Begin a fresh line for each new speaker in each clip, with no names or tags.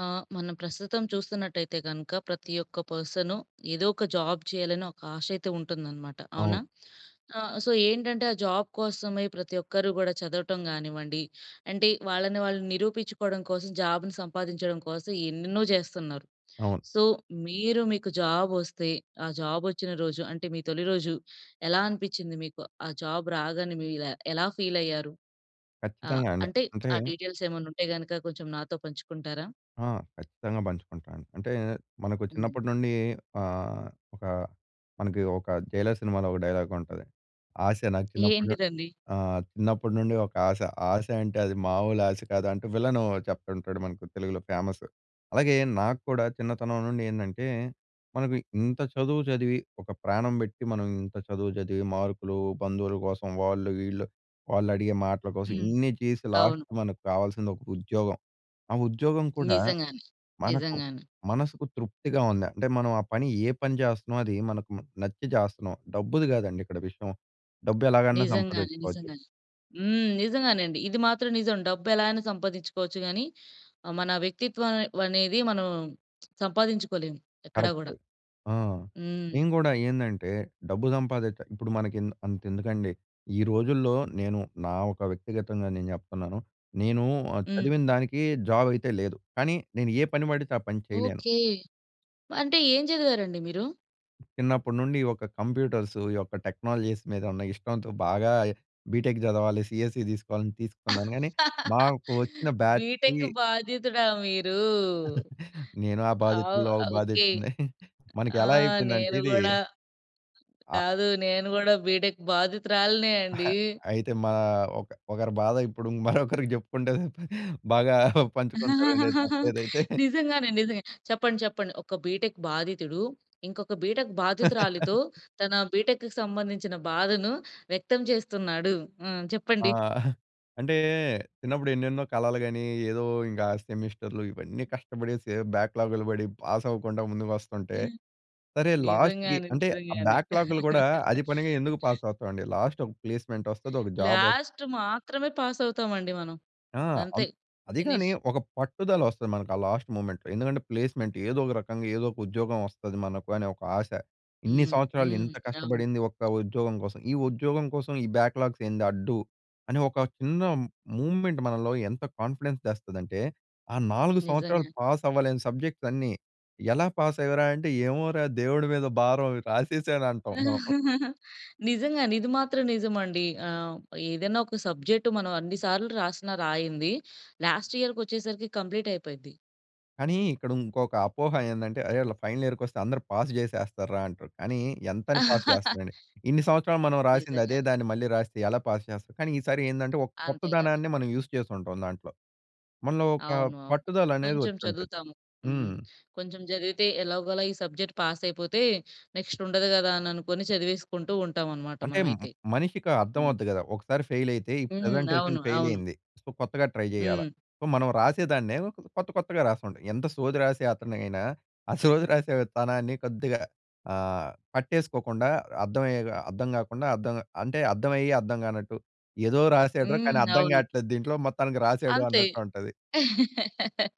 ఆహ్, మనం ప్రస్తుతం చూస్తున్నట్టైయితే గనక ప్రతి ఒక్క పర్సను ఏదో ఒక జాబ్ చేయాలని ఒక ఆశ అయితే ఉంటుందనమాట. అవునా?
అవును.
ఆహ్, సో ఏంటంటే ఆ జాబ్ కోసమే ప్రతి ఒక్కరు గూడా చదవటం గానివ్వండి, అంటే వాళ్ళని వాళ్ళు నిరూపిచ్చుకోవడం కోసం జాబును సంపాదించడం కోసం ఎన్నెన్నో జేస్తున్నారు.
అవును.
సో మీరు మీకు జాబ్ ఒస్తే ఆ జాబ్ ఒచ్చిన రోజు అంటే మీ తొలిరోజు ఎలా అనిపిచ్చింది మీకు? ఆ జాబ్ రాగానే మీరు ఎలా ఫీల్ అయ్యారు? ఆహ్,
ఖచ్చితంగా అండి.
అంటే
అంటే
ఆ డీటెయిల్స్ ఏమన్నా ఉంటే గనుక కొంచెం నాతో పంచుకుంటారా?
ఆ! ఖచ్చితంగా పంచుకుంటాను. అంటే మనకు
హ్మ్.
చిన్నప్పటి నుండి ఆహ్, ఒకా మనకి ఒక 'జైలర్' సినిమాలో ఒక డైలాగ్ ఉంటది. "ఆశ నాకు చిన్నప్పుడు ను
ఏంటిదండి?
ఆహ్, చిన్నప్పుడి నుండి ఒక ఆశ. ఆశ అంటే అది మాములు ఆశ కాదు" అంటూ విలన్ చెప్తుంటాడు. మనకి తెలుగులో ఫేమస్. అలాగే నాక్కూడా చిన్నతనం నుండి ఏందంటే మనకు ఇంత చదువు చదివి ఒక ప్రాణం బెట్టి మనం ఇంత చదువు చదివి మార్కులు బంధువుల కోసం, వాళ్ళు వీళ్ళు వాళ్ళు అడిగే మాటల కోసం
హ్మ్.
ఇన్ని చేసి లాస్ట్
అవును.
మనకు కావాల్సింది ఒక ఉద్యోగం. ఆ ఉద్యోగం కూడా
నిజంగానే.
మనకు
నిజంగానే.
మనసుకు తృప్తిగా ఉందా! అంటే మనం ఆ పని ఏ పని జేస్తన్నామో అది మనకు నచ్చి చేస్తన్నాం. డబ్బుది గాదండి ఇక్కడ విషయం. డబ్బు ఎలాగైనా
నిజంగానే.
సంపాదిచ్చుకోవచ్చు.
నిజంగానే. హ్మ్. నిజంగానే అండి. ఇది మాత్రం నిజం. డబ్బు ఎలా ఐనా సంపాదిచ్చుకోవచ్చు గానీ ఆహ్, మన వ్యక్తిత్వం అనేది మనం సంపాదించుకోలేము. ఎక్కడా గూడ.
కరెక్టు. ఆ!
హ్మ్.
నేను కూడా ఏందంటే డబ్బు సంపాదిచా ఇప్పుడు మనకి ఇంద అంత ఎందుకండీ. ఈ రోజుల్లో నేను నా ఒక వ్యక్తిగతంగా నేను జెప్తున్నాను. నేను ఆహ్,
హ్మ్.
చదివిన దానికి జాబ్ అయితే లేదు. కానీ నేను ఏ పని బడితే ఆ పని చేయలేను.
ఓకే. అంటే ఏం చదివారండి మీరు?
చిన్నప్పటి నుండి ఈ యొక్క కంప్యూటర్సు, ఈ యొక్క టెక్నాలజీస్ మీద ఉన్న ఇష్టంతో బాగా బీటెక్ చదవాలి. సీఎస్సీ తీసుకోవాలని తీసుకున్నాను. కానీ, నాకు వచ్చిన బ్యాచ్‌కి
బీటెక్ బాధితుడా మీరు?
నేను ఆ
ఆ!
బాధితుడిలో ఒక
ఓకే!
బాధితుడనే. మనకి
ఆ!
ఎలా అయిపోయిందంటే
నేను
ఇది
గూడా.
ఆ!
కాదు. నేను కూడా బీటెక్ బాధితురాలినే
అహా!
అండి
అయితే మా ఒక ఒకరి బాధ ఇప్పుడు మరొకరికి చెప్పుకుంటే పదా బాగా పంచుకుంటారండి. తప్పులేదైతే.
నిజంగానే నిజంగా. చెప్పండి, చెప్పండి. ఒక బీటెక్ బాధితుడు, ఇంకొక బీటెక్ బాధితురాలితో తన బీటెక్‌కి సంబంధించిన బాధను, వ్యక్తం చేస్తున్నాడు. హ్మ్.
ఆ!
చెప్పండి.
అంటే, చిన్నప్పుడు ఎన్నెన్నో కళలు గని, ఏదో ఇంకా సెమిస్టర్‌లు ఇవన్నీ కష్టపడేసి ఏదో బ్యాక్‌లాగ్‌లు పడి, పాస్ అవ్వకుండా ముందు వస్తుంటే, సరే లాస్ట్‌కి
నిజంగానే,
అంటే ఆ
నిజంగానే.
బ్యాక్‌లాగ్‌లు కూడా అది పనిగా ఎందుకు పాస్ అవుతామండి. లాస్ట్ ఒక ప్లేస్మెంట్ వస్తది. ఒక జాబ్ వస్తు
లాస్ట్ మాత్రమే పాస్ అవుతాం అండి మనం.
ఆ!
అంతే
అన్ అదిగాని
ఫినిష్.
ఒక పట్టుదల వస్తది. మనకు ఆ లాస్ట్ మూమెంట్‌లో. ఎందుకంటే ప్లేస్మెంట్ ఏదో ఒక రకంగా ఏదో ఒక ఉద్యోగం వస్తది మనకు అనే ఒక ఆశ. ఇన్ని
హ్మ్,
సంవత్సరాలు
హ్మ్.
ఇంత
అవును.
కష్టపడింది ఒక ఉద్యోగం కోసం. ఈ ఉద్యోగం కోసం ఈ బ్యాక్‌లాగ్స్ ఏంది అడ్డు. అని ఒక చిన్న మూమెంట్ మనలో ఎంత కాన్ఫిడెన్స్ తెస్తదంటే? ఆ 4 సంవత్సరాలు
నిజంగా.
పాస్ అవ్వలేని సబ్జెక్ట్స్ అన్నీ ఎలా పాస్ అయ్యరా? అంటే ఏమోరా? దేవుడి మీద భారం రాసేసాను అంటాం మనం.
నిజంగా ఇది మాత్రం నిజం అండి. ఆహ్, ఏదైనా ఒక సబ్జెక్ట్ మనం అన్ని సార్లు రాసినా రాయంది, లాస్ట్ ఇయర్‌కి ఒచ్చేసరికి కంప్లీట్ అయిపోద్ది.
కానీ, ఇక్కడ ఇంకొక అపోహ ఏందంటే, అరే వీళ్ళు ఫైనల్ ఇయర్‌‌కొస్తే, అందరూ పాస్ జేసేస్తార్రా అంటారు. కానీ, ఎంతని పాస్ చేస్తారండి. ఇన్ని సంవత్సరాలు మనం రాసింది అదే
నిజంగానే.
దాన్ని మళ్ళీ రాస్తే ఎలా పాస్ చేస్తారు? కానీ ఈసారి ఏందంటే, ఒక
అంతే కదా!
కొత్తదనాన్ని మనం యూజ్ చేసుంటాం దాంట్లో. మనలో ఒక
అవును. అవును.
పట్టుదల అనేది
కొంచెం
వచ్చుంటది.
చదువుతాము. హ్మ్.
హ్మ్.
కొంచెం చదివితే ఎలాగోలా ఈ సబ్జెక్ట్ పాస్ అయిపోతే, నెక్స్ట్ ఉండదు గదా అని అనుకోని చదివేసుకుంటూ ఉంటామనమాట
అంటే
మనమైతే.
మనిషికి
హ్మ్.
అర్థమవుద్ది గదా! ఒకసారి ఫెయిల్ అయితే, ఈ
హ్మ్.
ప్రజెంటేషన్
అవును.
ఫెయిల్
అవును.
అయింది. సో, కొత్తగా ట్రై జేయాల.
హ్మ్.
సో, మనం రాసేదాన్నే, కొత్త కొత్తగా రాస్తుంటాం. ఎంత సోది రాసే అతనైనా, ఆ సోది రాసే తనాన్ని కొద్దిగా ఆహ్, పట్టేసుకోకుండా అర్థమయ్యే అర్థం గాకుండా. అర్థం అంటే అర్థమయ్యి అర్థం గానట్టు. ఏదో రాసాడురా కానీ
హ్మ్.
అర్థం
అవును.
కావట్లేదు దీంట్లో. మొత్తానికి రాసాడు
అంతే.
అన్నట్టు ఉంటది.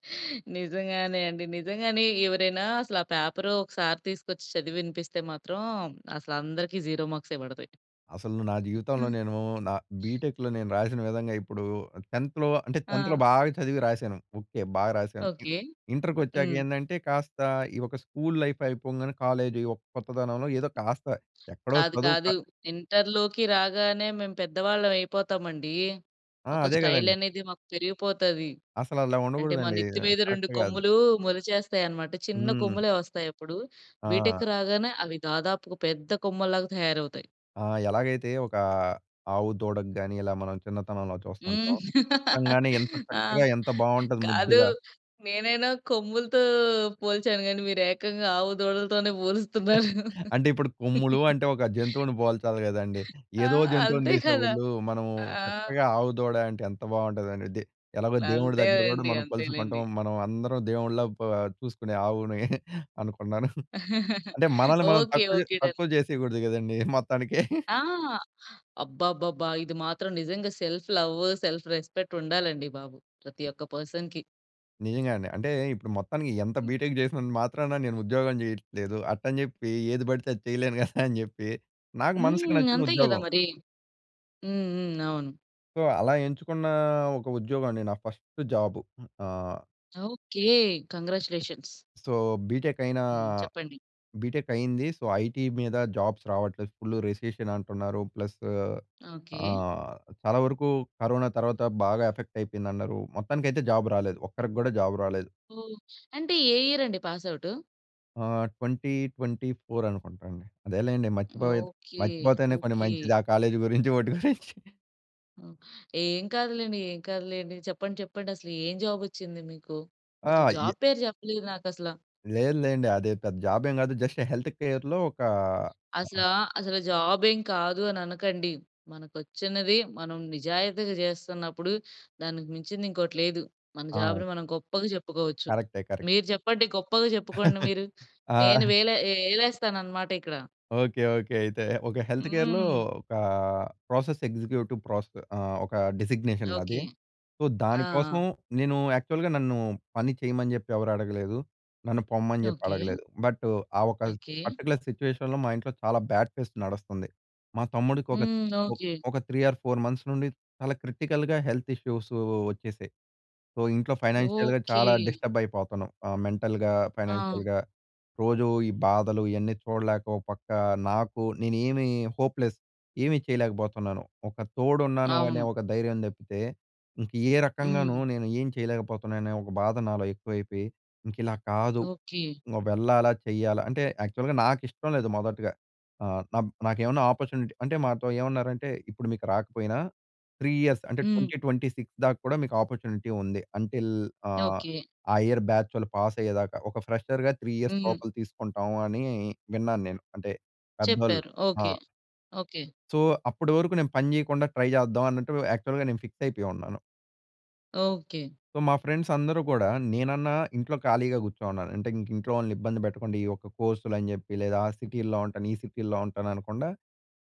నిజంగానే అండి. నిజంగానే ఎవరైనా అసలు ఆ పేపరు ఒకసారి తీసుకొచ్చి చదివి వినిపిస్తే మాత్రం. అసలు అందరికి జీరో మార్క్సే బడతాయి.
అసలు నా జీవితంలో నేను నా బీటెక్‌లో నేను రాసిన విధంగా ఇప్పుడు 10థ్‌లో అంటే 10థ్‌లో
ఆ!
బాగా చదివి రాసాను. ఓకే. బాగా రాసాను. ఇ
ఓకే.
ఇంటర్‌‌కి వచ్చాక
హ్మ్.
ఏండంటే, కాస్త ఈ ఒక స్కూల్ లైఫ్ అయిపోగానే కాలేజ్ కొత్తదనంలో ఏదో కాస్త ఎక్కడో
కాదు
చదువు క
కాదు. ఇంటర్‌లోకి రాగానే మేము పెద్దవాళ్ళం అయిపోతామండి.
ఆ!
ఒక
అదే
స్టైల్
గదండీ.
అనేది మాకు పెరిగిపోతది.
అసలు అలా
అంటే మా
ఉండగూడదండి.
నెత్తి మీద 2
కరెక్ట్ గాదు.
కొమ్ములు మొలిచేస్తాయి అనమాట. చిన్న
హ్మ్.
కొమ్ములే వస్తాయి అప్పుడు. బీటెక్
ఆ!
రాగానే అవి దాదాపుగా పెద్ద కొమ్మల్లాగా తయారవుతాయి.
ఆ! ఎలాగైతే ఓకా ఆవు దూడకు గాని, ఇలా మనం చిన్నతనంలో
హ్మ్.
చూస్తుంటాం, పుట్టంగానే ఎంత
ఆ!
చక్కగా ఎంత బాగుంటది,
కాదు,
ముద్దుగా.
నేనైనా కొమ్ములతో పోల్చాను కానీ మీరు ఏకంగా ఆవు, దూడలతోనే పోలుస్తున్నారు
అంటే ఇప్పుడు కొమ్ములూ అంటే ఒక జంతువుని పోల్చాలి కదండీ.
ఆ!
ఏదో జంతువుని
అంతే
తీసే
కదా!
బదులూ, మనము
ఆ!
చక్కగా ఆవు దూడ అంటే ఎంత బాగుంటదండీ ఇది. ఎలాగో దేవుడి దగ్గర కూడా
అంతేలెండి,
మనం కొలుచుకుంటాం.
అంతేలెండి.
మనం అందరం దేవుడిలా ప చూసుకునే ఆవుని అనుకున్నాను. అంటే మనల్ని మనం
ఓకె,
తక్కువ
ఓకే. డన్.
తక్కువ చేసేయకూడదు కదండీ మొత్తానికే.
ఆ! అబ్బబ్బబ్బా! ఇది మాత్రం నిజంగా సెల్ఫ్ లవ్వు, సెల్ఫ్ రెస్పెక్ట్ ఉండాలండి బాబు. ప్రతి ఒక్క పర్సన్‌కి.
నిజంగా అండి. అంటే ఇప్పుడు మొత్తానికి ఎంత
హ్మ్.
బీటెక్ చేసినంత మాత్రాన నేను ఉద్యోగం చేయట్లేదు. అట్టని చెప్పి ఏది పడితే అది చేయలేను కదా అని చెప్పి నాకు మనసుకి
హ్మ్.
నచ్చిన
అంతే కదా
ఉద్యోగం.
మరీ. హ్మ్, హ్మ్. అవును.
సో అలా ఎంచుకున్నా ఒక ఉద్యోగం అండి. నా ఫస్ట్ జాబు ఆ!
ఓకే! కంగ్రాట్యులేషన్స్.
సో బీటెక్ అయినా,
హ్మ్. చెప్పండి.
బీటెక్ అయింది. సో ఐటీ మీద జాబ్స్ రావట్లేదు, ఫుల్ రిసెషన్ అంటున్నారు, ప్లస్
ఓకే.
ఆహ్, చాలా వరకు కరోనా తర్వాత బాగా ఎఫెక్ట్ అయిపోయిందన్నారూ, మొత్తానికైతే జాబ్ రాలేదు. ఒక్కరికి కూడా జాబ్ రాలేదు.
ఓహ్! అంటే ఏ ఇయర్ అండి పాస్ అవుటూ?
ఆహ్, 2024 అనుకుంటాండి. అదేలెండి. మర్చిపోత
ఓకే.
మర్చిపోతేనే కొన్ని
ఓకే.
మంచిది ఆ కాలేజీ గురించి వాటి గురించి.
ఓహ్! ఏం కాదులెండి, ఏం కాదులెండి. చెప్పండి, చెప్పండి. అసలు ఏం జాబ్ వచ్చింది మీకు?
ఆ!
అసలు
అయ్
జాబ్ పేరు చెప్పలేదు నాకసలా.
లేదులెండి. అదే పెద్ద జాబ్ ఏమి కాదు. జస్ట్ హెల్త్ కేర్‌‌లో ఒక ఆహా!
అసలా అసలు జాబ్ ఏమి కాదు అని అనకండి. మనకు వచ్చినది మనం నిజాయితీగా చేస్తున్నప్పుడు దానికి మించింది ఇంకోటి లేదు. మన
ఆ!
జాబ్‌ని మనం గొప్పగా చెప్పుకోవచ్చు.
కరక్టే. కరెక్ట్.
మీరు చెప్పండి. గొప్పగా చెప్పుకోండి మీరు.
ఆ!
నేను వేలే ఏ ఏలేస్తాను అన్నమాట ఇక్కడ.
ఓకే. ఓకే. అయితే. ఒక హెల్త్ కేర్‌లో
హ్మ్.
ఒక ప్రాసెస్ ఎగ్జిక్యూటివ్ ప్రాస్ ఆహ్, ఒక డిజిగ్నేషన్ నాది.
ఓకే.
సో,
ఆ!
దానికోసం
ఆ!
నేను యాక్చువల్‌గా నన్ను పని చేయమని చెప్పి ఎవరు అడగలేదు. నన్ను పొమ్మని చెప్పి
ఓకే.
అడగలేదు. బట్టు, ఆ ఒక
ఓకే.
పర్టిక్యులర్ సిట్యుయేషన్‌లో మా ఇంట్లో చాలా బ్యాడ్ ఫేస్ నడస్తుంది. మా తమ్ముడికి ఒక
హ్మ్.
ఒ
ఓకే.
ఒక 3 ఆర్ 4 మంత్స్ నుండి చాలా క్రిటికల్‌గా హెల్త్ ఇష్యూసు వచ్చేసాయి. సో, ఇంట్లో ఫైనాన్షియల్‌గా
ఓకే.
చాలా డిస్టర్బ్ అయిపోతున్నాం. ఆహ్, మెంటల్‌గా,
ఆ!
ఫైనాన్షియల్‌గా. రోజు ఈ బాధలు, ఇయన్నీ చూడలేక ఒక పక్క నాకు నేనేమీ హోప్‌లెస్. ఏమీ చేయలేకపోతున్నాను. ఒక తోడున్నాను అనే
అవును.
ఒక ధైర్యం తప్పితే, ఇంక ఏ రకంగాను
హ్మ్.
నేను ఏం చేయలేకపోతున్నాను. అనే ఒక బాధ నాలో ఎక్కువైపోయి, ఇంక ఇలా కాదు
ఓకే.
ఇంక వెళ్ళాలా, చేయాలా అంటే, యాక్చువల్‌గా నాకు ఇష్టం లేదు మొదటగా. ఆహ్, నబ్ నాకేమన్నా అపార్చునిటీ అంటే మాతో ఏమన్నారంటే, ఇప్పుడు మీకు రాకపోయినా 3 ఇయర్స్ అంటే
హ్మ్.
2026 దాకా కూడా మీకు అపార్చునిటీ ఉంది. Until ah,
okay.
ఆ ఇయర్ బ్యాచ్ వాళ్ళు పాస్ అయ్యేదాక. ఒక ఫ్రెషర్‌గా 3 ఇయర్స్
హ్మ్.
లోపల తీసుకుంటాం అని విన్నాను నేను. అంటే పెద్దోళ్ళు
చెప్పారు.
ఆ!
ఓకే. ఓకే.
సో, అప్పటి వరకు నేను పని చేయకుండా ట్రై చేద్దాం అన్నట్టు, యాక్చువల్‌గా నేను ఫిక్స్ అయిపోయి ఉన్నాను.
ఓకే.
మా ఫ్రెండ్స్ అందరూ కూడా నేనన్నా ఇంట్లో ఖాళీగా కూర్చో‌ను‌న్నాను. అంటే ఇంక ఇంట్లో వాళ్ళని ఇబ్బంది పెట్టకుండా ఈ ఒక్క కోర్సులు అని చెప్పి లేదా ఆ సిటీల్లో ఉంటాను, ఈ సిటీల్లో ఉంటాను అనకుండా.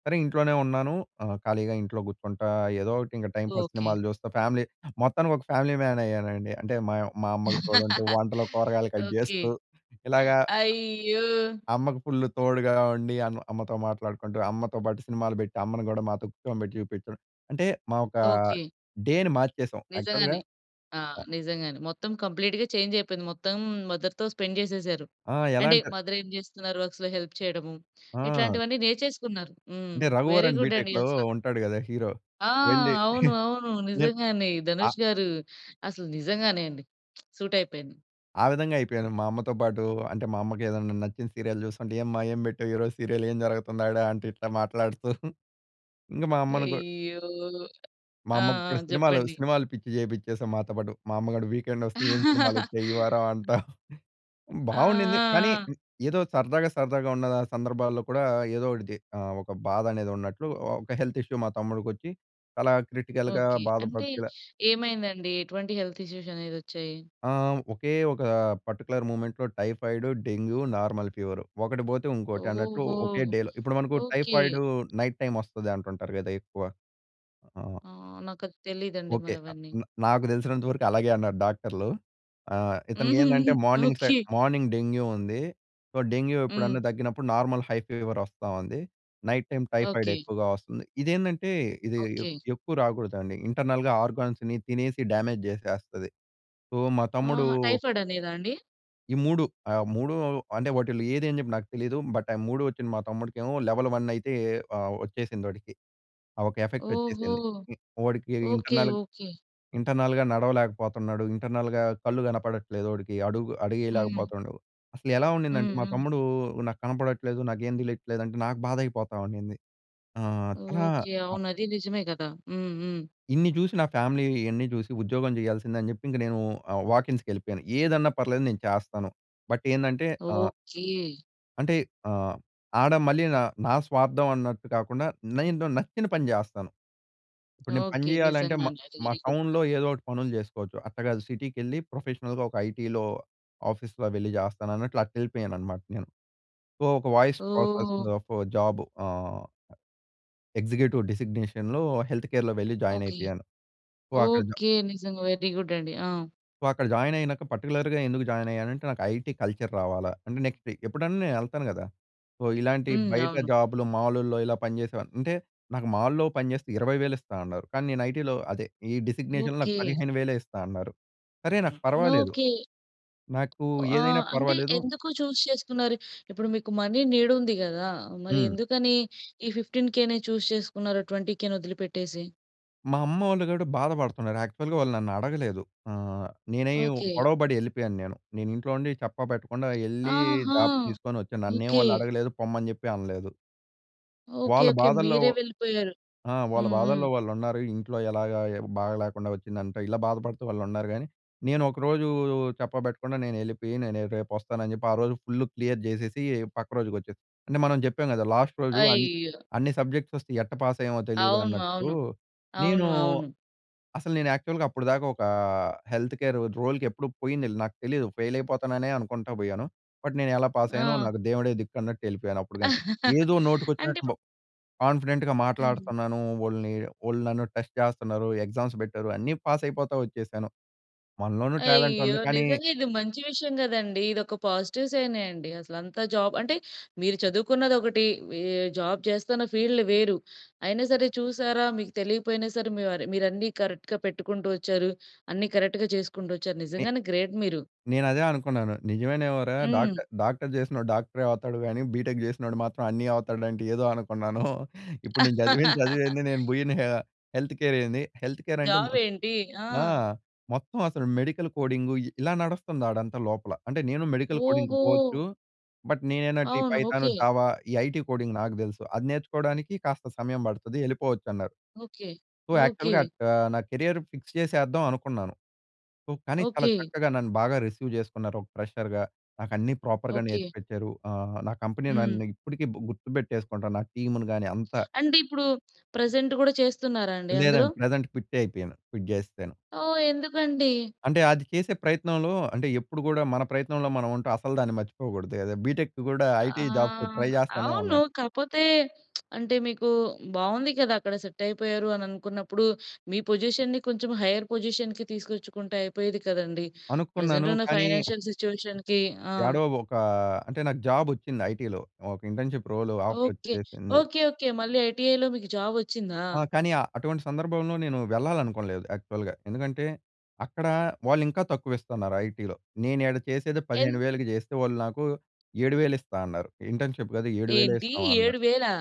సరే, ఇంట్లోనే ఉన్నాను. ఆహ్, ఖాళీగా ఇంట్లో కూర్చుంటా ఏదో ఒకటి ఇంక టైంపాస్
ఓకే.
సినిమాలు చూస్తా ఫ్యామిలీ మొత్తానికి ఒక ఫ్యామిలీ మ్యాన్ అయ్యానండి. అంటే మా మా అమ్మకి తోడంటూ, వంటలో కూరగాయలు కట్
ఓకే.
చేస్తూ ఇలాగా
ఆ‌య్యో!
అమ్మకి ఫుల్ తోడుగా ఉండి అమ్ అమ్మతో మాట్లాడుకుంటూ, అమ్మతో బాటు సినిమాలు బెట్టి అమ్మను కూడా మాతో కూర్చోబెట్టి చూపించడం. అంటే మా ఒకా
ఓకే.
డే‌ని మార్చేసాం. యాక్చువల్‌గా
నిజంగానే. ఆహ్,
అ ఇ
నిజంగానే మొత్తం కంప్లీట్‌గా చేంజ్ అయిపోయింది. మొత్తం మదర్‌తో స్పెండ్ చేసేసారు.
ఆ! ఎలా
అంటే
అంటారు
మదర్ ఏం చేస్తున్నారు వర్క్స్‌లో హెల్ప్ చేయడము,
ఆ!
ఇట్లాంటివి అన్ని నేర్చేసుకున్నారు. హ్మ్.
అంటే
వెరీ
'రఘువరన్
గుడ్ అండి
బీ‌టెక్‌'లో
అసల.
ఉంటాడు గదా హీరో.
ఆ!
వెళ్ళి
అవును. అవును. నిజంగానే ధనుష్ గారు, అసలు నిజంగానే అండి. సూట్ అయిపోయింది.
ఆ విధంగా అయిపోయాను. మా అమ్మతో పాటు, అంటే మా అమ్మకి ఏదన్న నచ్చిన సీరియల్ చూస్తుంటే, ఏమ్మా ఏం పెట్టావు ఈరోజు సీరియల్ ఏం జరగతంది ఆడా అంటు ఇట్లా మాట్లాడుతూ ఇంకా మా అమ్మను కూడా
అయ్యో!
మా
ఆ! ఆ!
అమ్మకి కూడా సినిమాలో
చెప్పండి.
సినిమాలు పిచ్చి చేపిచేసాం మాతో పాటు. మా అమ్మగూడ వీకెండ్ వస్తే ఏం సినిమాలు వచ్చాయి. ఈ వారం అంటా
ఆ!
బాగునింది. కానీ,
ఆ! ఆ!
ఏదో సరదాగా సరదాగా ఉన్న ఆ సందర్భాల్లో కూడా ఏదో ఒకటిది ఆహ్, ఒక బాధ అనేది ఉన్నట్లు ఆహ్, ఒక హెల్త్ ఇష్యూ మా తమ్ముడికి వచ్చి చాలా క్రిటికల్‌గా
ఓకే. అంటే
బాధపడుతూ ఇలా
ఏమైందండి? ఎటువంటి హెల్త్ ఇష్యూస్ అనేది వచ్చాయి?
ఆ! ఒకే ఒక పర్టిక్యులర్ మూమెం‌ట్‌లో టైఫాయిడ్, డెంగ్యూ, నార్మల్ ఫీవర్. ఒకటి బోతే ఇంకోటి అన్నట్లు
ఓహో!
ఒకే డే‌లో ఇప్పుడు మనకు
ఓకే.
టైఫయిడూ నైట్ టైమ్ వస్తది అంటుంటారు కదా ఎక్కువ. ఆ!
ఆహ్, నాకు అది తెలీదండి
ఓకె. అ
మరవన్నీ.
హ్మ్. నాకు తెలిసినంత వరకు అలాగే అన్నారు డాక్టర్లు. ఆహ్, ఇతనికి ఏందంటే morning side
okay.
Morning dengue ఉందీ. సో, డెంగ్యూ ఎప్పుడన్నా
హ్మ్.
తగ్గినప్పుడు నార్మల్ హై ఫీవర్ వస్తా ఉంది. Night time typhoid
okay.
ఎక్కువగా వస్తుంది. ఇదేందంటే ఇది
ఓకే.
ఎక్కువ రాకూడదండి. ఇంటర్నల్‌గా ఆర్గా‌న్స్‌ని తినేసి డ్యామేజ్ చేసేస్తది. సో, మా తమ్ముడూ
ఆహా! టైఫయిడ్ అనేదా అండి?
ఈ 3 ఆహ్, 3 అంటే వాటిలో ఏది అని జెప్పి నాకు తెలీదు. బట్, ఆ 3 ఒచ్చిన మా తమ్ముడికెమో లెవెల్ 1 అయితే ఆహ్, ఒచ్చేసింది ఒడికి. ఆహ్, ఒక ఎఫెక్ట్
ఓహో!
ఒచ్చేసింది. వాడికి
ఓకె.
Internal
okay.
ఇంటర్నల్‌గా నడవలేకపోతున్నాడు. ఇంటర్నల్‌గా కళ్ళు గనపడట్లేదు ఒడికి, అడుగు అడుగు
హ్మ్.
ఏయలేకపోతుండు. అసలు ఎలా ఉండిందంటే
హ్మ్.
మా
హ్మ్.
తమ్ముడు, "నాకు కనపడట్లేదు, నాకేం తెలియట్లేదు" అంటే నాకు బాధ అయిపోతా‌వుండిం‌ది. ఆ! చాలా
ఓకె.
అ
అవును అది నిజమే గదా! హ్మ్. హ్మ్.
ఇన్ని జూసి నా ఫ్యామిలీ ఇ‌యన్ని జూసి, ఉద్యోగం జెయాల్సిందే అని జెప్పి ఇంక నేను ఆహ్, వాకీన్స్‌కి ఎళ్ళిపోయాను. ఏదన్నా పర్లేదు నేను చేస్తాను. బట్, ఏందంటే ఆహ్
ఓకె.
అంటే ఆహ్, ఆడ మళ్ళీ నా నా స్వార్థం అన్నట్టు కాకుండా, నేను నచ్చిన పని జెస్తాను. ఇప్పుడు నేను పని
ఓకె.
జెయాలంటే మా
నిజంగానే అది
మా
వెరీ గుడ్.
టౌన్‌లో ఏదోటి పనులు జెసుకోవచ్చు. అట్ట గాదు సిటీ‌కెళ్ళి ప్రొఫెషనల్‌గా ఒక ఐటీ‌లో, ఆఫీస్‌లో వెళ్లి జెస్తాను అన్నట్లు అట్ల ఎళ్ళిపోయాను అన్నమాట నేను. సో, ఒక voice process
oh!
Of job ah executive డిజిగ్నేషన్‌లో, హెల్త్ కేర్‌లో వెళ్ళి జాయిన్
ఓకె.
అయిపోయాను. సో, అక్కడ జ
ఓకె. నిజంగా వెరీ గుడ్ అండి. ఆ!
సో, అక్కడ జాయిన్ అయినాక పార్టిక్యులర్‌‌గా ఎందుకు జాయిన్ అయ్యానంటే, నాకు ఐటీ కల్చర్ రావాలా. అంటే, నెక్స్టే ఎప్పుడన్నా నేను ఎళ్తాను గదా! సో, ఇలాంటి
హ్మ్.
బయట
అవును.
జాబ్‌లు మాలులో ఇలా పనిచేసేవా అంటే, నాకు మాల్‌లో పనిజెస్తే 20,000 ఇస్తా అన్నారు. కానీ, నేను ఐటీ‌లో అదే, ఈ డిజిగ్నేషన్‌లో నాకు
ఓకె.
15,000 ఇస్తా అన్నారు. సరే నాకు పర్వాలేదు.
ఓకె.
నాకు ఏదైనా
ఆహ్, అంటే
పర్వాలేదు.
ఎందుకు చూస్ చేసుకున్నారు? ఇప్పుడు మీకు మనీ నీడ్ ఉంది గదా! మరి
హ్మ్.
ఎందుకని ఈ 15,000 చూస్ చేసుకున్నారు 20,000 ఒదిలి పెట్టేసి?
మా అమ్మోళ్ళు గుడా బాధపడుతున్నారు. యాక్చువ‌ల్‌గా వాళ్ళు నన్ను అడగలేదు. ఆహ్, నేనై
ఓకే.
గొడవపడి ఎళ్ళిపోయాను నేను. నేను ఇంట్లో ఉండి చేప్పా పెట్టకుండా ఎళ్ళి
ఆహా!
జాబ్ తీసుకొని వచ్చాను. నన్నేమి
ఓకే.
వాళ్ళు అడగలేదు, పొమ్మని చెప్పి అనలేదు.
ఓకే.
వాళ్ళ
ఓకే.
బాధల్లో
మీరే వెళ్ళిపోయారు.
ఆ! వాళ్ళ
హుహు.
బాధల్లో వాళ్ళు ఉన్నారు. ఇంట్లో ఎలాగా, బాగాలేకుండా వచ్చిందంట. ఇలా బాధపడుతూ వాళ్ళు ఉన్నారు గానీ. నేను ఒకరోజు చెప్పబెట్టకుండా, నేను ఎళ్ళిపోయి. నేను రేపు వస్తానని చెప్పి ఆ రోజు ఫుల్ క్లియర్ చేసేసి పక్క రోజుకి వచ్చేసి. అంటే, మనం చెప్పాం కదా, లాస్ట్ రోజు అన్
అయ్యో!
అన్ని సబ్జెక్ట్స్ అసలు ఎట్టా పాస్ అయ్యామో తెలీదు
అవును.
అన్నట్టు.
అవును.
నేను
అవును. అవును.
అసలు నేను యాక్చువల్‌‌గా అప్పటిదాకా ఒక ఆ హెల్త్ కేర్ రోల్‌కి ఎప్పుడు పోయిందేలే. నాకు తెలీదు ఫెయిల్ అయిపోతాననే అనుకుంటా పోయాను. బట్, నేను ఎలా పాస్ అయ్యానో
ఆ!
నాకు దేవుడే దిక్కు అన్నట్టు ఎళ్ళిపోయాను అప్పుడుగాని. ఏదో నోటికి
అంటే
వచ్చినట్టు బ్
ఇప్పుడు
కాన్ఫిడెంట్‌గా
హ్మ్.
మాట్లాడుతన్నాను. వోళ్ళని వోళ్ళు నన్ను టెస్ట్ చేస్తున్నారు. ఎగ్జామ్స్ పెట్టారు. అన్నీ పాస్ అయిపోతా వచ్చేసాను. మనలోనూ టాలెంట్
అయ్యో!
ఉంది. కానీ
నిజంగా ఇది మంచి విషయం కదండీ. ఇదొక పాజిటివ్ సైనే అండి. అసలు అంతా జాబ్ అంటే, మీరు చదువుకున్నది ఒకటి. ఈ జాబ్ చేస్తున్న ఫీల్డ్ వేరు. అయినా సరే చూసారా? మీకు తెలియకపోయినా సరే మీవరి మీరన్నీ కరెక్ట్‌గా పెట్టుకుంటూ వచ్చారు. అన్నీ కరెక్ట్‌గా చేసుకుంటూ వచ్చారు.
మీ
నిజంగానే గ్రేట్ మీరు.
నేను అదే అనుకున్నాను. "నిజమేనేమోరా
హ్మ్.
డాక్ట డాక్టర్ చేసినోడు డాక్టరే అవుతాడు. గానీ బీటెక్ చేసినోడు మాత్రం అన్ని అవుతాడంటే, ఏదో అనుకున్నాను. ఇప్పుడు నేను చదివిన చదువేంది? నేను పోయిన ఆహ్, హెల్త్ కేర్ ఏంది?" హెల్త్ కేర్ అంటే
జాబ్ ఏంటి? ఆ!
ఆ! మొత్తం అసలు మెడికల్ కోడింగు ఇ ఇలా నడుస్తంది ఆడంతా లోపల. అంటే, నేను మెడికల్ కోడింగ్‌‌కి
ఓహో!
పోవచ్చు. బట్, నేనెందంటే, ఈ
అవును.
Python,
okay.
జావా ఈ ఐటీ కోడింగ్ నాకు తెలుసు. అది నేర్చుకోవడానికి కాస్త సమయం పడుతది ఎళ్ళిపోవచ్చు అన్నారు.
ఓకే.
So,
okay.
యాక్చువల్‌‌గా అట్ ఆహ్, నా కేరియర్ ఫిక్స్ చేసేద్దాం అనుకున్నాను. సో, కానీ చాలా
ఓకే.
చక్కగా నన్ను బాగా రిసీవ్ చేసుకున్నారు ఒక ఫ్రెషర్‌‌గా. నాకు అన్ని ప్రాపర్ర్‌గా
ఓకే.
నేర్చిపిచ్చరు. ఆహ్, నా కంపెనీ
హ్మ్.
నన్ను ఇప్పటికి గుర్తుపెట్టేసుకుంటా నా టీమ్‌ని గాని అంతా.
అంటే ఇప్పుడు, ప్రెజెంట్ గూడా చేస్తున్నారా అండి అందులో?
లేదండి. ప్రెజెంట్ క్విట్టే అయిపోయాను. క్విట్ చేసేసాను.
ఓహ్! ఎందుకండి?
అంటే, అది చేసే ప్రయత్నంలో అంటే ఎప్పుడు గూడా మన ప్రయత్నంలో మనం ఉంటే అసలు దాన్ని మర్చిపోకూడదు కదా! బీటెక్ గూడా ఐటీ జాబ్స్
ఆహ్,
ట్రై చేస్తానే
అవును
ఉన్నాను.
కాపోతే అంటే, మీకు బావుంది కదా! అక్కడ సెట్ అయిపోయారు అని అనుకున్నప్పుడు మీ పొజిషన్‌ని కొంచెం హైయర్ పొజిషన్‌‌కి తీసుకొచ్చుకుంటే అయిపోయేది కదండీ! ప్రెజెంట్
అనుకున్నాను.
ఉన్న
కానీ
ఫైనాన్షియల్ సిచ్యుయేషన్‌కి. ఆ!
యాడో ఒక అంటే, నాకు జాబ్ వచ్చింది ఐటీ‌లో. ఒక ఇంటర్న్‌షిప్ రోల్ ఆఫర్
ఓకే.
వచ్చేసింది.
ఓకే. ఓకే. మళ్ళీ ఐటీఐలో మీకు జాబ్ వచ్చిందా?
ఆ! కానీ అటువంటి సందర్భంలో నేను వెళ్ళాలనుకోలేదు యాక్చువల్‌‌గా. ఎందుకంటే, అక్కడ వాళ్ళు ఇంకా తక్కువ ఇస్తున్నారు ఐటీ‌లో. నేను ఈడ చేసేదే
ఎన్
15000కి చేస్తే వాళ్ళు నాకు 7000 ఇస్తా అన్నారు. ఇంటర్న్‌షిప్ కదా! 7000
ఏంటి
ఇస్తాం అన్నారు.
7000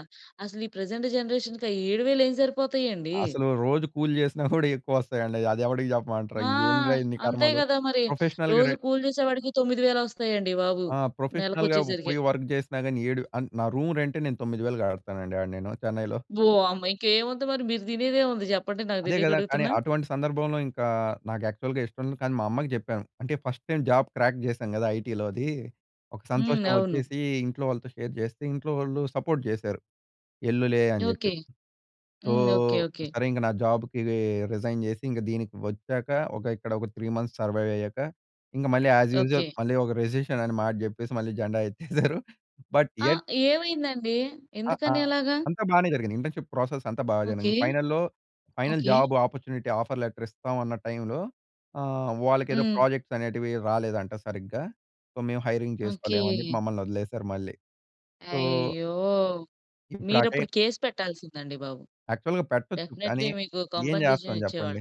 అసలు ఈ ప్రెజెంట్ జనరేషన్‌‌కి ఆ 7000 ఏమి సరిపోతాయి అండి?
అసలు రోజు కూలి చేసినా కూడా ఎక్కువ వస్తాయండి. అది ఎవడికి చెప్పమంటారు?
ఆ!
ఇది ఏందిరా ఇన్ని
అంతే
కర్మలు?
కదా మరి!
ప్రొఫెషనల్‌గా ర
రోజు కూలి చేసే వాడికి 9000 వస్తాయండి బాబు.
ఆ!
నెలకి
ప్రొఫెషనల్‌గా
వచ్చేసరికి.
పోయి వర్క్ చేసినా కాని, ఏడు అంటే నా రూమ్ రెంటే నేను 9000 కడతానండి ఆడ నేను చెన్నైలో.
ఓహ్! అమ్మ! ఇంకేముంది మరి? మీరు తినేదేముంది? చెప్పండి. నాకు
అదే
తెలియక
కదా! కానీ
అడుగుతున్నా.
అటువంటి సందర్భంలో ఇంకా నాకు యాక్చువల్‌‌గా ఇష్టం లేదు కానీ మా అమ్మకి చెప్పాము. అంటే ఫస్ట్ టైమ్ జాబ్ క్రాక్ చేశాను కదా ఐటీ‌లోది. ఒక
హ్మ్.
సంతోషం
అవును.
వచ్చేసి ఇంట్లో వాళ్ళతో షేర్ చేస్తే ఇంట్లో వాళ్ళు సపోర్ట్ చేశారు. ఎల్లులే అని చెప్పి.
Okay.
So,
hmm. Okay. Okay.
సరే ఇంక నా జాబ్‌కి రిజైన్ చేసి ఇంక దీనికి వచ్చాక ఒక ఇక్కడ ఒక 3 మంత్స్ సర్వైవ్‌ అయ్యాక ఇంక మళ్ళీ యాజ్ యూజువల్
ఓకే.
మళ్ళీ ఒక రిసిషన్ అనే మాట చెప్పేసి మళ్ళీ జెండా ఎత్తేసారు. బట్
ఆ!
యెట్
ఏమైందండి?
ఆ!
ఎందుకని
ఆహ్,
అలాగా?
అంతా బానే జరిగింది. ఇంటర్న్‌షిప్ ప్రాసెస్ అంతా బా
ఓకే.
జరిగింది. ఫైనల్‌లో final
okay.
Job opportunity‌ offer letter ఇస్తాం అన్న టైమ్‌లో ఆహ్, వాళ్ళకి ఏదో
హ్మ్.
ప్రాజెక్ట్స్ అనేటివి రాలేదంట సరిగ్గా. సో, మేము హైరింగ్ చేసుకోలేము అని చెప్పి
ఓకే.
మమ్మల్ని వదిలేసారు మళ్ళీ. సో
అయ్యో!
ఇప్పుడు ఆ
మీరప్పుడు
టైం
కేస్ పెట్టాల్సిందండి బాబు.
యాక్చువల్‌‌గా పెట్టొచ్చు కానీ
డెఫినెట్‌లీ‌ మీకు
ఏం చేస్తాం
కాంపెన్సేషన్‌‌ ఇచ్చేవాళ్ళు.
చెప్పండి.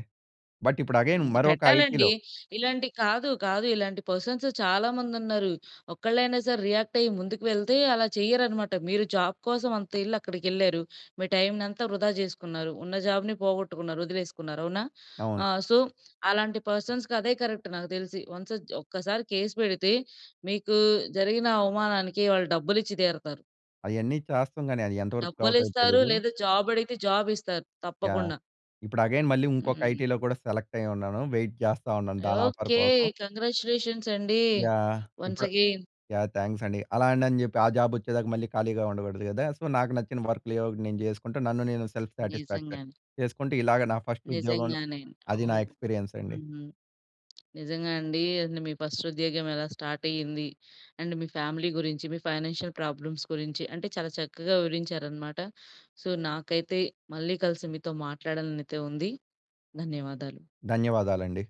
బట్, ఇపుడు ఎగైన్
హ్మ్.
మరొక
పెట్టాలండి.
ఐటీ‌‌లో
ఇలాంటివి కాదు, కాదు ఇలాంటి పర్సన్స్ చాలామంది ఉన్నారు. ఒక్కళ్ళైనా సరే రియాక్ట్ అయ్యి ముందుకు వెళ్తే అలా చెయ్యరనమాట. మీరు జాబ్ కోసం అంత ఏళ్ళు అక్కడికి ఎళ్లారు. మీ టైమ్ అంతా వృధా చేసుకున్నారు. ఉన్న జాబ్‌ని పోగొట్టుకున్నారు వదిలేసుకున్నారు అవునా?
అవును.
ఆ! సో, అలాంటి పర్సన్స్‌కి అదే కరెక్ట్ నాకు తెలిసి. వన్స్ ఒక్కసారి కేస్ పెడితే మీకు జరిగిన అవమానానికి వాళ్ళు డబ్బులు ఇచ్చి తీరుతారు.
అయన్నీ చేస్తాం కానీ, అది ఎంతవరకు
డబ్బులు
అవుతాయో
ఇస్తారు
తెలీదు.
లేదా జాబ్ అడిగితే జాబ్ ఇస్తారు
యాహ్!
తప్పకుండ.
ఇప్పుడు అగైన్ మళ్ళీ ఇంకొక
హ్మ్.
ఐటీలో కూడా సెలెక్ట్ అయ్యి ఉన్నాను. వెయిట్ చేస్తా ఉన్నాను దాని ఆఫర్
ఓకే.
కోసం.
కంగ్రాచులేషన్స్‌‌ అండి.
యాహ్!
వన్స్
ఇప్పుడు
అగైన్.
యాహ్! థాంక్స్ అండి. అలాండి అని చెప్పి ఆ జాబ్ వచ్చేదాకా మళ్ళీ ఖాళీగా ఉండకూడదు కదా! సో, నాకు నచ్చిన వర్క్‌లు ఏయో ఒకటి నేను చేసుకుంటు నన్ను నేను సెల్ఫ్ సాటిస్ఫాక్షన్
నిజంగానే.
చేసుకుంటే, ఇలాగ నా ఫస్ట్ ఉద్యోగంను
నిజంగానే.
అది
ఓహ్!
నా ఎక్స్పీరియన్స్ అండి.
హ్మ్. నిజంగా అండి. మీ ఫస్ట్ ఉద్యోగం ఎలా స్టార్ట్ అయ్యింది, అండ్ మీ ఫ్యామిలీ గురించి మీ ఫైనాన్షియల్ ప్రాబ్లమ్స్ గురించి అంటే చాలా చక్కగా వివరించారన్నమాట. సో, నాకైతే మళ్ళీ కలిసి మీతో మాట్లాడాలని అయితే ఉంది. ధన్యవాదాలు.
ధన్యవాదాలండి.